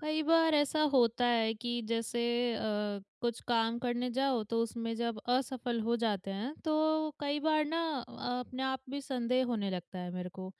कई बार ऐसा होता है कि जैसे अ, कुछ काम करने जाओ तो उसमें जब असफ़ल हो जाते हैं तो कई बार ना अ, अपने आप भी संदेह होने लगता है मेरे को।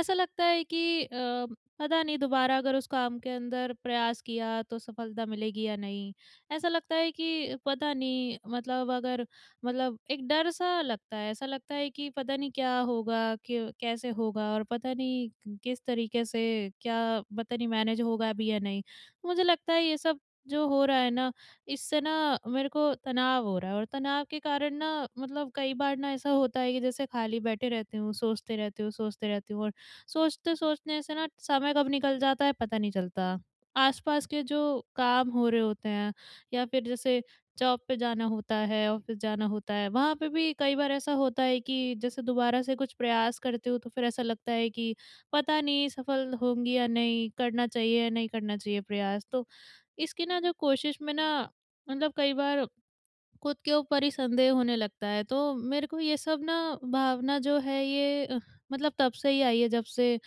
ऐसा लगता है कि अ, पता नहीं दोबारा अगर उस काम के अंदर प्रयास किया तो सफ़लता मिलेगी या नहीं? ऐसा लगता है कि पता नहीं मतलब अगर मतलब एक डर सा लगता है ऐसा लगता है कि पता नहीं क्या होगा क कैसे होगा और पता नहीं किस तरीक़े से क्या पता नहीं मैनेज होगा भी या नहीं? मुझे लगता है ये सब जो हो रहा है ना इससे ना मेरे को तनाव हो रहा है और तनाव के कारण ना मतलब कई बार ना ऐसा होता है कि जैसे ख़ाली बैठे रहती हूँ सोचते रहती हूँ सोचते रहती हूँ और सोचते सोचने से ना समय कब निकल जाता है पता नहीं चलता। आस-पास के जो काम हो रहे होते हैं या फ़िर जैसे जॉब पे जाना होता है ऑफ़िस जाना होता है वहाँ पे भी कई बार ऐसा होता है कि जैसे दोबारा से कुछ प्रयास करते हो तो फ़िर ऐसा लगता है कि पता नहीं सफल होंगी या नहीं करना चाहिए या नहीं करना चाहिए प्रयास। तो इसकी ना जो क़ोशिश में ना मतलब कई बार ख़ुद के ऊपर ही संदेह होने लगता है तो मेरे को ये सब ना भावना जो है ये अ, मतलब तब से ही आई है जब से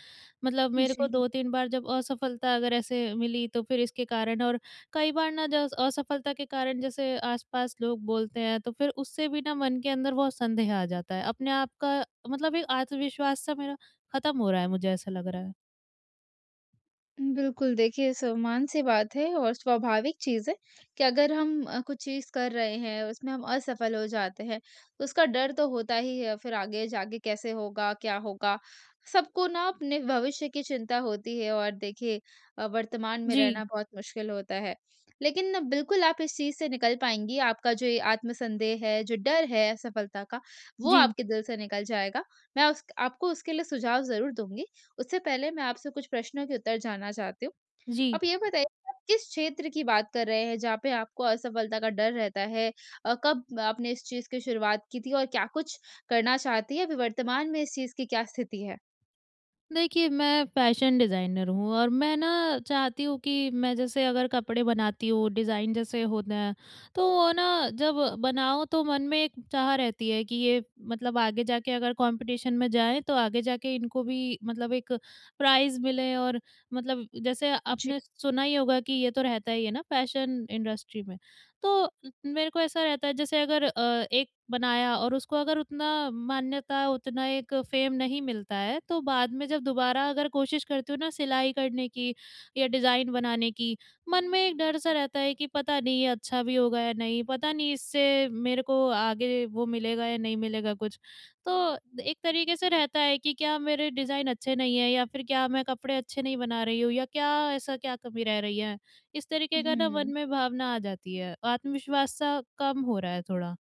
मतलब मेरे को जी। 2-3 बार जब असफ़लता अगर ऐसे मिली तो फ़िर इसके कारण और कई बार ना ज असफलता के कारण जैसे आस-पास लोग बोलते हैं तो फ़िर उससे भी ना मन के अंदर बहुत संदेह आ जाता है। अपने आप का मतलब एक आत्मविश्वास सा मेरा ख़त्म हो रहा है मुझे ऐसा लग रहा है। उ, बिल्कुल, देखिए, सामन्य-सी बात है और स्वाभाविक चीज़ है कि अगर हम अ, कुछ चीज़ कर रहे हैं, उसमें हम असफल हो जाते हैं, उसका डर तो होता ही है, फिर आगे जाके कैसे होगा, क्या होगा? सबको ना अपने भविष्य की चिंता होती है और देखिए अ, वर्तमान में जी। रहना बहुत मुश्क़िल होता है। लेकिन बिल्कुल आप इस चीज़ से निकल पाएँगी, आपका जो ये आत्मसंदेह है, जो डर है असफलता का, वो जी। आपके दिल से निकल जाएगा, मैं उस क आपको उसके लिए सुझाव ज़रूर दूँगी। उससे पहले मैं आपसे कुछ प्रश्नों के उत्तर जानना चाहती हूँ। जी। आप ये बताइए, आप किस क्षेत्र की बात कर रहे हैं, जहाँ पे आपको असफलता का डर रहता है? अ, कब आपने इस चीज़ की शुरुआत की थी और क्या कुछ करना चाहती हैं? अभी वर्तमान में इस चीज़ की क्या स्थिति है? देखिए, मैं फ़ैशन डिज़ाइनर हूँ और मैं ना चाहती हूँ कि मैं जैसे अगर कपड़े बनाती हूँ, डिज़ाइन जैसे होते हैं, तो वो ना जब बनाओ, तो मन में एक चाह रहती है कि ये मतलब आगे जाके अगर कॉम्पिटिशन में जाए, तो आगे जाके इनको भी मतलब एक प्राइज़ मिले और मतलब जैसे जी। आपने सुना ही होगा कि ये तो रहता ही है ना, फ़ैशन इंडस्ट्री में। तो मेरे को ऐसा रहता है, जैसे अगर अ, एक बनाया और उसको अगर उतना मान्यता, उतना एक फ़ेम नहीं मिलता है, तो बाद में जब दोबारा अगर क़ोशिश करती हूँ ना सिलाई करने की या डिज़ाइन बनाने की, मन में एक डर-सा रहता है कि पता नहीं, ये अच्छा भी होगा या नहीं। पता नहीं, इससे मेरे को आगे वो मिलेगा या नहीं मिलेगा कुछ। तो एक तरीक़े से रहता है कि क्या मेरे डिज़ाइन अच्छे नहीं हैं या फिर क्या मैं कपड़े अच्छे नहीं बना रही हूँ या क्या ऐसा क्या कमी रह रही है? इस तरीके का ना मन हुँ। में भावना आ जाती है। आत्मविश्वास-सा कम हो रहा है थोड़ा।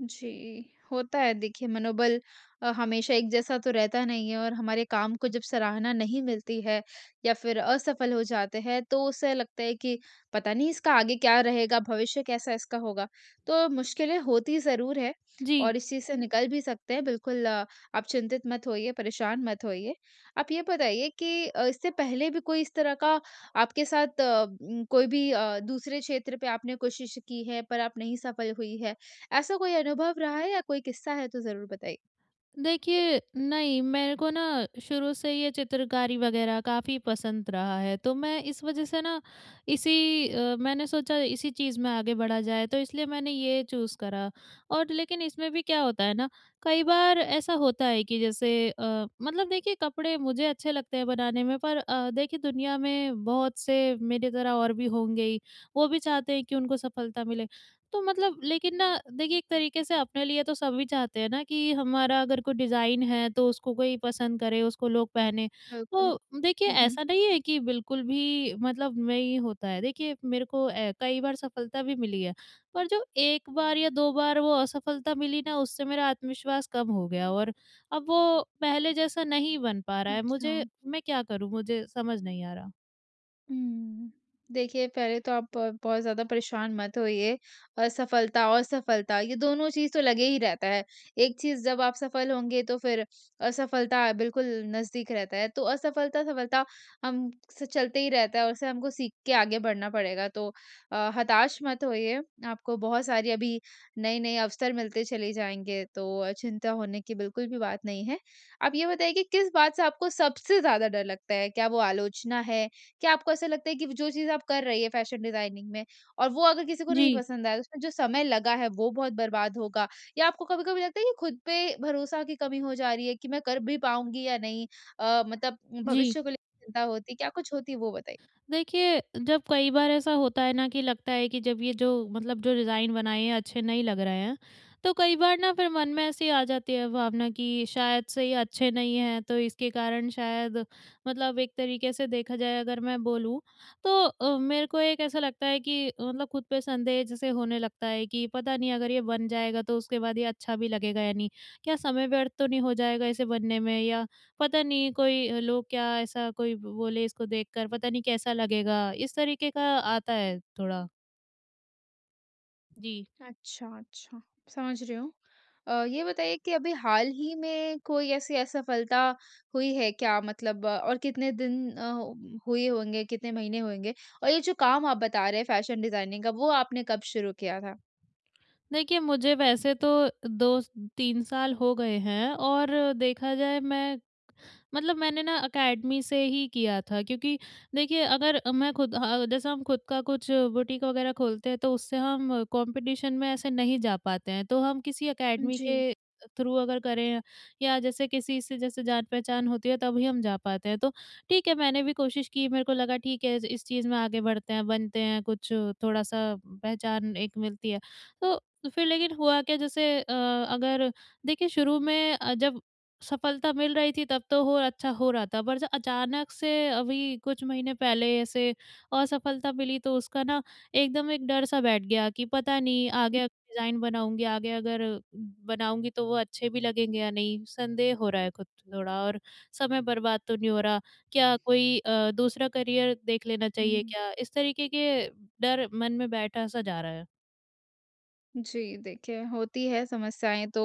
जी। होता है देखिए, मनोबल अ, हमेशा एक जैसा तो रहता नहीं है और हमारे काम को जब सराहना नहीं मिलती है या फिर असफल हो जाते हैं, तो उससे लगता है कि पता नहीं, इसका आगे क्या रहेगा? भविष्य कैसा इसका होगा? तो मुश्किलें होती ज़रूर हैं जी। और इस चीज़ से निकल भी सकते हैं, बिल्कुल, आप चिंतित मत होइए, परेशान मत होइए। आप ये बताइए कि अ, इससे पहले भी कोई इस तरह का आपके साथ, उ कोई भी अ, दूसरे क्षेत्र पे आपने कोशिश की है, पर आप नहीं सफल हुई हैं, ऐसा कोई अनुभव रहा है? या कोई किस्सा है, तो ज़रूर बताइए। देखिए, नहीं, मेरे को ना शुरू से ये चित्रकारी वग़ैरह काफ़ी पसंद रहा है, तो मैं इस वज़ह से ना, इसी अ, मैंने सोचा इसी चीज़ में आगे बढ़ा जाए, तो इसलिए मैंने ये चूज़ करा। और लेकिन इसमें भी क्या होता है ना, कई बार ऐसा होता है कि जैसे अ, मतलब देखिए, कपड़े मुझे अच्छे लगते हैं बनाने में, पर अ, देखिए, दुनिया में बहुत से मेरी तरह और भी होंगे ही, वो भी चाहते हैं कि उनको सफलता मिले। तो मतलब लेकिन ना, देखिए, एक तरीके से अपने लिए तो सभी चाहते हैं ना कि, हमारा अगर कोई डिज़ाइन है, तो उसको कोई पसंद करे, उसको लोग पहनें। बिल्कुल। तो देखिए, हुँ, हुँ। ऐसा नहीं है कि बिल्कुल भी मतलब नहीं होता है। देखिए, मेरे को ए कई बार सफलता भी मिली है, पर जो एक बार या दो बार वो असफलता मिली ना, उससे मेरा आत्मविश्वास कम हो गया और अब वो पहले जैसा नहीं बन पा रहा है, मुझे अच्छा। मैं क्या करूँ? मुझे समझ नहीं आ रहा। हुँ। देखिए पहले तो आप ब बहुत ज़्यादा परेशान मत होइए असफलता और सफलता ये दोनों चीज़ तो लगे ही रहता है। एक चीज़ जब आप सफल होंगे तो फ़िर असफलता बिल्कुल नज़दीक रहता है, तो असफलता-सफलता हम से चलते ही रहता है और उसे हमको सीख के आगे बढ़ना पड़ेगा। तो अ, हताश मत होइए आपको बहुत सारी अभी नए-नए अवसर मिलते चले जाएँगे तो अ, चिंता होने की बिल्कुल भी बात नहीं है। आप ये बताइए कि, किस बात से आपको सबसे ज़्यादा डर लगता है, क्या वो आलोचना है? क्या आपको ऐसा लगता है कि वो जो चीज़ आप कर रही हैं फ़ैशन डिजाइनिंग में और वो अगर किसी को नहीं जी। पसंद आया, उसमें जो समय लगा है वो बहुत बर्बाद होगा? या आपको कभी-कभी लगता है कि खुद पे भरोसा की कमी हो जा रही है कि मैं कर भी पाऊँगी या नहीं अ, मतलब जी। भविष्य को लेके चिंता होती है, क्या कुछ होती वो बताइए? देखिए जब कई बार ऐसा होता है ना कि लगता है कि जब ये जो मतलब जो डिजाइन बनाए हैं अच्छे नहीं लग रहे हैं। तो कई बार ना फ़िर मन में ऐसी आ जाती है भावना कि शायद से ये अच्छे नहीं हैं, तो इसके कारण शायद मतलब एक तरीके से देखा जाए अगर मैं बोलूँ तो अ, मेरे को एक ऐसा लगता है कि, मतलब खुद पे संदेह जैसे होने लगता है कि पता नहीं अगर ये बन जाएगा तो उसके बाद ये अच्छा भी लगेगा या नहीं। क्या समय व्यर्थ तो नहीं हो जाएगा इसे बनने में, या पता नहीं कोई लोग क्या ऐसा कोई ब बोले इसको देखकर पता नहीं कैसा लगेगा? इस तरीके का आता है थोड़ा। जी। अच्छा, अच्छा। समझ रही हूँ। अ, ये बताइए कि अभी हाल ही में कोई ऐसी असफलता हुई है क्या मतलब और कितने दिन अ, हुए होंगे कितने महीने होंगे और ये जो काम आप बता रहे हैं फ़ैशन डिज़ाइनिंग का वो आपने कब शुरू किया था? देखिए मुझे वैसे तो 2-3 साल हो गए हैं और देखा जाए मैं, मतलब मैंने ना अकेडमी से ही किया था। क्योंकि देखिए अगर मैं खुद अ अ जैसे हम खुद का कुछ बुटीक वग़ैरह खोलते हैं तो उससे हम कॉम्पिटिशन में ऐसे नहीं जा पाते हैं तो हम किसी उ अकेडमी जी। के थ्रू अगर करें या जैसे किसी से जैसे जान-पहचान होती है तभी हम जा पाते हैं, तो ठीक है मैंने भी क़ोशिश की मेरे को लगा ठीक है इस चीज़ में आगे बढ़ते हैं बनते हैं कुछ थोड़ा-सा पहचान एक मिलती है। तो फ़िर लेकिन हुआ क्या जैसे अ, अगर देखिए शुरू में अ, जब सफलता मिल रही थी तब तो हो अच्छा हो रहा था। पर जब अचानक से अभी कुछ महीने पहले ऐसे असफलता मिली तो उसका ना एकदम एक डर सा बैठ गया कि पता नहीं आगे डिज़ाइन बनाऊँगी, आगे अगर बनाऊँगी तो वो अच्छे भी लगेंगे या नहीं संदेह हो रहा है खुद थोड़ा? और समय बर्बाद तो नहीं हो रहा? क्या कोई अ, दूसरा करियर देख लेना चाहिए हुँ। क्या? इस तरीक़े के डर मन में बैठा सा जा रहा है। जी। देखिए, होती हैं समस्याएँ तो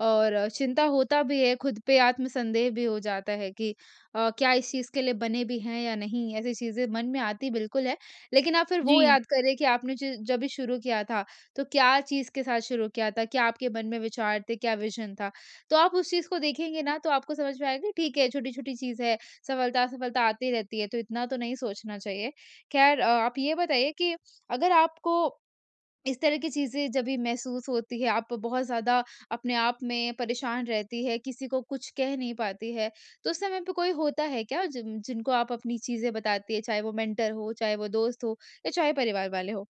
और चिंता होता भी है खुद पे आत्मसंदेह भी हो जाता है कि अ, क्या इस चीज़ के लिए बने भी हैं या नहीं ऐसी चीज़ें मन में आती बिल्कुल हैं। लेकिन आप फिर वो जी। याद करें कि आपने ज जभी शुरू किया था तो क्या चीज़ के साथ शुरू किया था? क्या आपके मन में विचार थे, क्या विज़न था तो आप उस चीज़ को देखेंगे न तो आपको समझ में आएगा ठीक है छोटी-छोटी चीज़ है, सफलता-असफलता आती रहती है तो इतना तो नहीं सोचना चाहिए। ख़ैर अ, आप ये बताइए कि अगर आपको इस तरह की चीज़ें जभी महसूस होती हैं आप बहुत ज़्यादा अपने आप में परेशान रहती हैं, किसी को कुछ कह नहीं पाती हैं तो उस समय पे कोई होता है क्या जि जिनको आप अपनी चीज़ें बताती हैं चाहे वो मेंटर हो, चाहे वो दोस्त हो या चाहे परिवार वाले हों?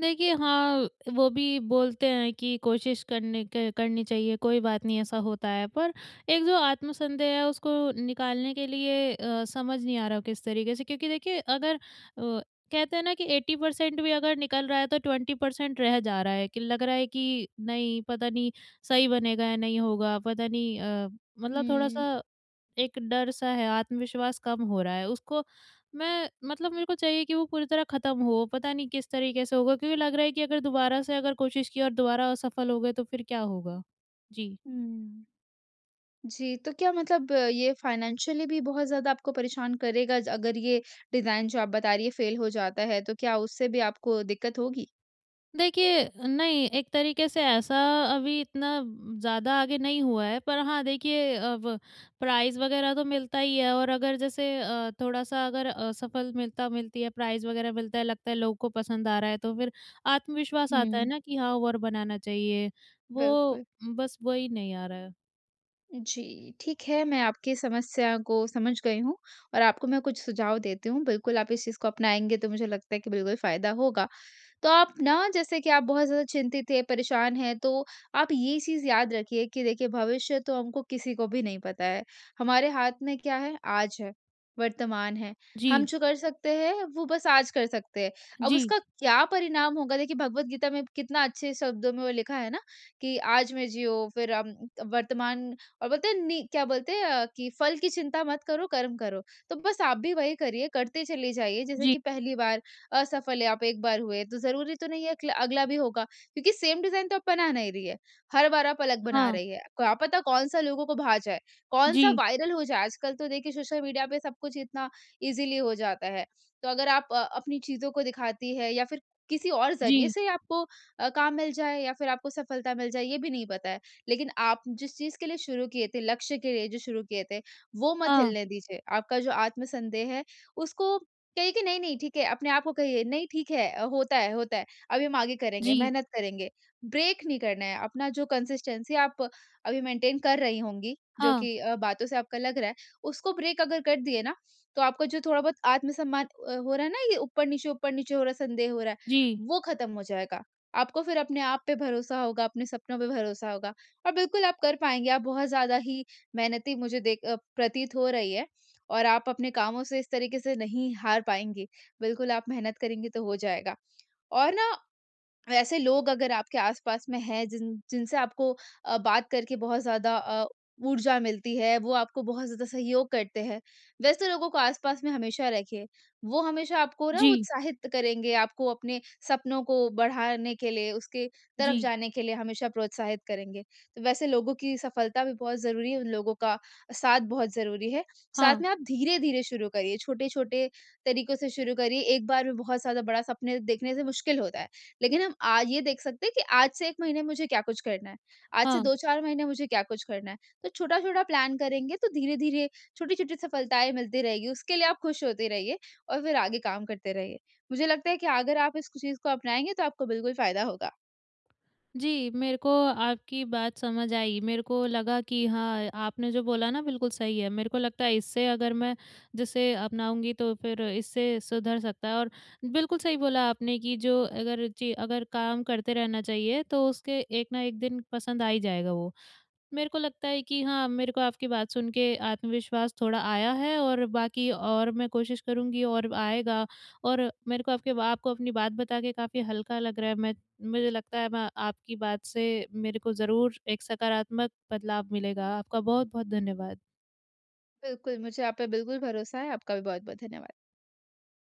देखिए हाँ, वो भी बोलते हैं कि कोशिश करने क करनी चाहिए, कोई बात नहीं ऐसा होता है पर एक जो आत्मसंदेह है उसको निकालने के लिए अ, समझ नहीं आ रहा किस तरीके से क्योंकि देखिए अगर अ, कहते हैं न कि 80% भी अगर निकल रहा है तो 20% रह जा रहा है कि लग रहा है कि नहीं पता नहीं सही बनेगा या नहीं होगा पता नहीं अ, मतलब हुँ। थोड़ा-सा एक डर-सा है, आत्मविश्वास कम हो रहा है। उसको मैं मतलब मेरे को चाहिए कि वो पूरी तरह ख़त्म हो पता नहीं किस तरीके से होगा क्योंकि लग रहा है कि अगर दोबारा से अगर कोशिश की और दोबारा असफल हो गए तो फिर क्या होगा? जी। हुँ। जी तो क्या मतलब ये फ़ाइनेंशियली भी बहुत ज़्यादा आपको परेशान करेगा ज अगर ये डिजाइन जो आप बता रही हैं फेल हो जाता है तो क्या उससे भी आपको दिक्कत होगी? देखिए, नहीं एक तरीके से ऐसा अभी इतना ज़्यादा आगे नहीं हुआ है, पर हाँ देखिए अब प्राइज़ वगैरह तो मिलता ही है और अगर जैसे अ, थोड़ा-सा अगर असफल मिलता मिलती है प्राइज़ वगैरह मिलता है, लगता है लोगों को पसंद आ रहा है, तो फिर आत्मविश्वास आता है हुँ। ना कि हाँ और बनाना चाहिए, वो बिल्कुल। बस वही नहीं आ रहा है। जी। ठीक है मैं आपकी समस्या को समझ गई हूँ और आपको मैं कुछ सुझाव देती हूँ बिल्कुल, आप इस चीज़ को अपनाएँगे तो मुझे लगता है कि बिल्कुल फ़ायदा होगा। तो आप ना जैसे कि आप बहुत ज्यादा चिंतित हैं, परेशान हैं तो, आप ये चीज़ याद रखिए कि देखिए, भविष्य तो हमको किसी को भी नहीं पता है। हमारे हाथ में क्या है? आज है, वर्तमान है। हम जी। जो कर सकते हैं वो बस आज कर सकते हैं। अब जी। उसका क्या परिणाम होगा? देखिए भगवद गीता में कितना अच्छे शब्दों में वो लिखा है ना, कि आज मैं जियो फिर अम वर्तमान और बोलते हैं नि क्या बोलते हैं? अ, कि फल की चिंता मत करो, कर्म करो। तो बस आप भी वही करिए करते चली जाइए जैसे जी। कि पहली बार, असफल है आप एक बार हुए, तो ज़रूरी तो नहीं है अगला भी होगा क्योंकि, सेम डिज़ाइन तो आप बना नहीं रही है। हर बार आप अलग बना हाँ। रही हैं। क्या पता कौन-सा लोगों को भा जाए, कौन-सा जी। वायरल हो जाए। आजकल तो देखिए सोशल मीडिया पे सब कुछ इतना इज़ली हो जाता है। तो अगर आप अपनी चीज़ों को दिखाती हैं, या फिर किसी और ज़रिए जी। से आपको अ, काम मिल जाए या फिर आपको सफलता मिल जाए ये भी नहीं पता है। लेकिन आप जिस चीज़ के लिए शुरू किए थे, लक्ष्य के लिए जो शुरू किए थे, वो मत हाँ। हिलने दीजिए। आपका जो आत्मसंदेह है उसको कहिए कि नहीं-नहीं ठीक है, अपने आप को कहिए, नहीं ठीक है, होता है होता है। अभी हम आगे करेंगे, जी। मेहनत करेंगे। ब्रेक नहीं करना है, अपना जो कंसिस्टेंसी आप अभी मेंटेन कर रही होंगी, जो हाँ। कि अ, बातों से आपका लग रहा है, उसको ब्रेक अगर कर दिए ना, तो आपका जो थोड़ा बहुत आत्मसम्मान अ, हो रहा है ना ये ऊपर-नीचे ऊपर-नीचे हो रहा है संदेह हो रहा है, जी। वो खत्म हो जाएगा। आपको फिर अपने आप पे भरोसा होगा, अपने सपनों पे भरोसा होगा। और बिल्कुल आप कर पाएँगे आप बहुत ज़्यादा ही मेहनती मुझे देख अ, प्रतीत हो रही है और आप अपने कामों से इस तरीके से नहीं हार पाएँगे। बिल्कुल आप मेहनत करेंगे तो हो जाएगा। और ना वैसे लोग अगर आपके आस-पास में हैं, जिन जिनसे आपको अ, बात करके बहुत ज़्यादा अ, ऊर्जा मिलती है वो आपको बहुत ज़्यादा सहयोग करते हैं, वैसे लोगों को आस-पास में हमेशा रखिए, वो हमेशा आपको ना जी। उत्साहित करेंगे, आपको अपने सपनों को बढ़ाने के लिए उसके तरफ जी। जाने के लिए हमेशा प्रोत्साहित करेंगे। तो वैसे लोगों की सफलता भी बहुत ज़रूरी है, उन लोगों का साथ बहुत ज़रूरी है, साथ हाँ। में आप धीरे-धीरे शुरू करिए, छोटे-छोटे तरीकों से शुरू करिए। 1 बार में बहुत ज्यादा बड़ा सपने देखने से मुश्किल होता है। लेकिन हम आज ये देख सकते हैं, कि आज से 1 महीने मुझे क्या कुछ करना है? आज से हाँ। 2-4 महीने मुझे क्या कुछ करना है? तो छोटा-छोटा प्लान करेंगे तो धीरे-धीरे, छोटी-छोटी सफलताएँ मिलती रहेगी। उसके लिए आप खुश होते रहिए और फिर आगे काम करते रहिए। मुझे लगता है कि अगर आप इस चीज को अपनाएँगे, तो आपको बिल्कुल फ़ायदा होगा। जी। मेरे को आपकी बात समझ आई, मेरे को लगा कि हाँ, आपने जो बोला ना बिल्कुल सही है। मेरे को लगता है इससे अगर मैं जिसे अपनाऊँगी तो फिर इससे सुधर सकता है और बिल्कुल सही बोला आपने कि जो अगर जी अगर काम करते रहना चाहिए तो उसके एक न एक दिन पसंद आ ही जाएगा। वो मेरे को लगता है कि हाँ मेरे को आपकी बात सुन के आत्मविश्वास थोड़ा आया है और बाकी और मैं कोशिश करुँगी और आएगा और मेरे को आपके बा आपको अपनी बात बता के काफ़ी हल्का लग रहा है, मैं मुझे लगता है मैं आपकी बात से मेरे को ज़रूर एक सकारात्मक बदलाव मिलेगा, आपका बहुत-बहुत धन्यवाद। बिल्कुल, मुझे आप पे बिल्कुल भरोसा है। आपका भी बहुत-बहुत धन्यवाद।